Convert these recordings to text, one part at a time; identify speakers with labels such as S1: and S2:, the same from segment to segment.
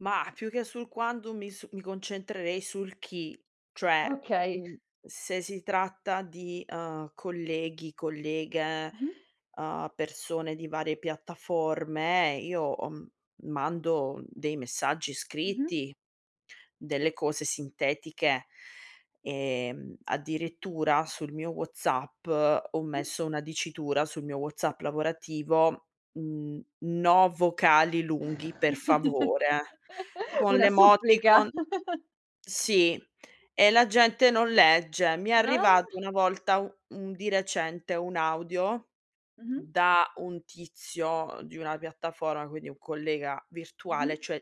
S1: Mah, più che sul quando mi su mi concentrerei sul chi, cioè,
S2: Okay.
S1: mhmm, se si tratta di, uhm, colleghi, colleghe,
S2: Mh-mh.
S1: uhm, persone di varie piattaforme, io ho m mando dei messaggi
S2: Mh-mh.
S1: scritti, delle cose sintetiche. Ehm, addirittura sul mio WhatsApp ho
S2: Sì.
S1: messo una dicitura sul mio WhatsApp lavorativo n-no vocali lunghi per favore, con
S2: Una supplica.
S1: l'emoticon sì e la gente non legge. Mi è
S2: Ah.
S1: arrivato una volta u un di recente un audio
S2: Mh-mh.
S1: da un tizio di una piattaforma, quindi un collega virtuale,
S2: Mh-mh.
S1: cioè,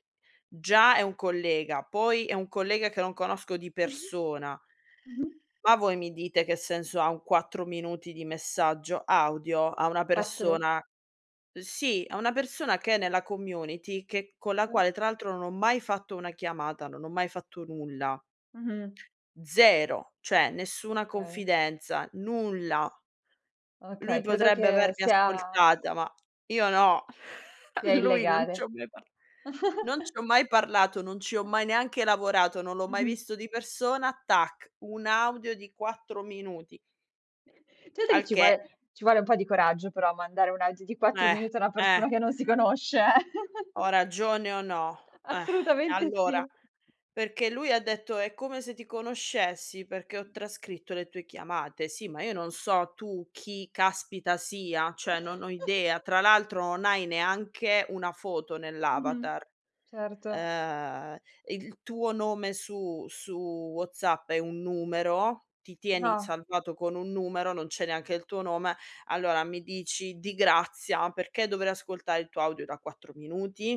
S1: già è un collega, poi è un collega che non conosco di persona
S2: Mh-mh.
S1: ma voi mi dite che senso ha un 4 minuti di messaggio audio a una
S2: 4?
S1: persona sì, a una persona che è nella community che con la
S2: Eh.
S1: quale tra l'altro non ho mai fatto una chiamata, non ho mai fatto nulla.
S2: Mh-mh.
S1: 0, cioè nessuna
S2: Okay.
S1: confidenza, nulla. Lui
S2: Okay, credo
S1: potrebbe
S2: che
S1: avermi
S2: sia
S1: ascoltata, ma io no,
S2: sia
S1: lui non
S2: illegale.
S1: c'ho mai parl non c'ho mai parlato, non ci ho mai neanche lavorato, non l'ho mai
S2: Mh-mh.
S1: visto di persona, tac, un audio di 4 minuti.
S2: Certo che
S1: Al
S2: ci
S1: che
S2: vuole ci vuole un po' di coraggio però a mandare un audio di 4
S1: Eh,
S2: minuti a una
S1: eh.
S2: persona che non si conosce, eh.
S1: Ho ragione o no? Eh,
S2: Assolutamente
S1: allora
S2: sì.
S1: perché lui ha detto: "È come se ti conoscessi, perché ho trascritto le tue chiamate". Sì, ma io non so tu chi caspita sia, cioè non ho idea. Tra l'altro non hai neanche una foto
S2: Mh-mh,
S1: nell'avatar.
S2: certo.
S1: Ehm, il tuo nome su su WhatsApp è un numero, ti tieni
S2: Ah.
S1: salvato con un numero, non c'è neanche il tuo nome, allora mi dici di grazia perché dovrei ascoltare il tuo audio da 4 minuti?